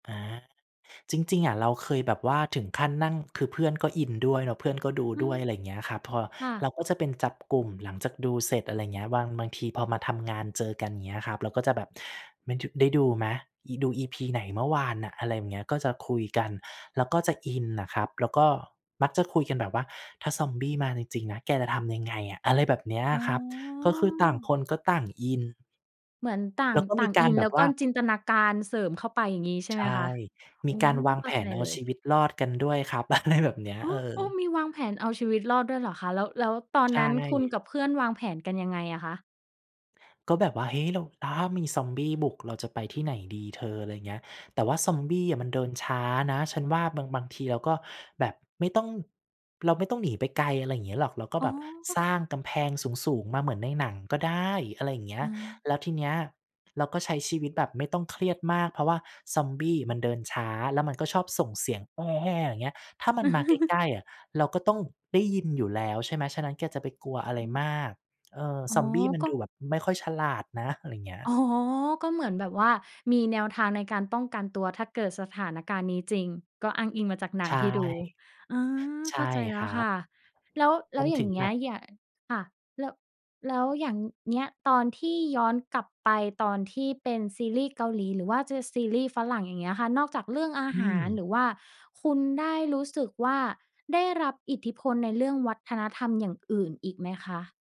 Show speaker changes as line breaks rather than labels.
อา จริง ๆ อะเราเคยแบบว่าถึงขั้นนั่ง คือเพื่อนก็อินด้วยแล้วเพื่อนก็ดู
อื
ด้ว
ม
ย อะไรอย่างเงี้ยครับ พอ
ค่
เ
ะ
ราก็จะเป็นจับกลุ่มหลังจากดูเสร็จ อะไรอย่างเงี้ย บาง บางทีพอมาทำงานเจอกัน อย่างเงี้ยครับ เราก็จะแบบ "ไม่ดึ ได้ดูไหม? อิ ดู EP. ไหนเมื่อวานน่ะ?" อะไรอย่างเงี้ย ก็จะคุยกัน แล้วก็จะอินอะครับ แล้วก็มักจะคุยกันแบบว่า "ถ้าซอมบี้มาจริง ๆ นะ แกจะทำยังไงอะ?" อะไรแบบเนี้ย
อ๋
ครับ ก็คือต่าง
อ
คนก็ต่างอิน
เหมือนต่า
แล
ง
้วก็
ต
ม
่
ี
าง
ก
อ
าร
ิน
แบ
แล้
บ
ว
ว
ก็
่า
จินตนาการเสริมเข้าไป อย่างงี้ใช่
ใ
ไ
ช
หม
่
คะ? โ
ม
อ
ี
้
กา
โ
ร
ฮ
วาง
เข
แ
้
ผ
าใจ
นเอา
เล
ชี
ย
วิตรอดกันด้วยครับ อะไร แบบเนี้ย
โอ
เ
้
ออ
โอ้ มีวางแผนเอาชีวิตรอดด้วยเหรอคะ? แล้ว แล้วตอ
ใ
น
ช
นั้นคุณ
่
กับเพื่อนวางแผนกันยังไงอะคะ?
ก็แบบว่า "เฮ้ย เรา ถ้ามีซอมบี้บุก เราจะไปที่ไหนดีเธอ?" อะไรเงี้ย "แต่ว่าซอมบี้อะมันเดินช้านะ ฉันว่าบาง บางทีเราก็แบบไม่ต้อง เราไม่ต้องหนีไปไกล อะไรเงี้ยหรอก เราก็
อ๋
แบบ
อ
สร้างกำแพงสูง ๆ มาเหมือนในหนังก็ได้" อะไรอย่างเงี้ย
เออ
"แล้วทีเนี้ยเราก็ใช้ชีวิตแบบไม่ต้องเครียดมาก เพราะว่าซอมบี้มันเดินช้าแล้วมันก็ชอบส่งเสียง แฮ่ ๆ อะไรเงี้ย ถ้ามันมาใกล้ ๆ อะเราก็ต้องได้ยินอยู่แล้วใช่ไหม ฉะนั้น แกจะไปกลัวอะไร
อืม
มาก เออ
อ๋
ซ
อ
อมบี้มัน
ก็
ดูแบบไม่ค่อยฉลาดนะ" อะไรเงี้ย
อ๋อ ก็เหมือนแบบว่ามีแนวทางในการป้องกันตัว ถ้าเกิดสถานการณ์นี้จริง ก็อ้างอิงมาจากหน
ใ
ั
ช
ง
่
ที่ดู อา
ใช
เข
่
้าใจแล
ค
้
ร
ว
ั
ค
บ
่ะ แล้ว แ
ม
ล้
ั
ว
น
อย่
ถ
า
ึ
ง
ง
เงี
ห
้
นั
ย
ง
อย่า ค่ะ แล้ว แล้วอย่างเงี้ยตอนที่ย้อนกลับไปตอนที่เป็นซีรีส์เกาหลีหรือว่าจะซีรีส์ฝรั่ง อย่างเงี้ยค่ะ นอกจากเรื่องอา
อื
หาร ห
ม
รือว่า คุณได้รู้สึกว่า ได้รับอิทธิพลในเรื่องวัฒนธรรมอย่างอื่นอีกไหมคะ?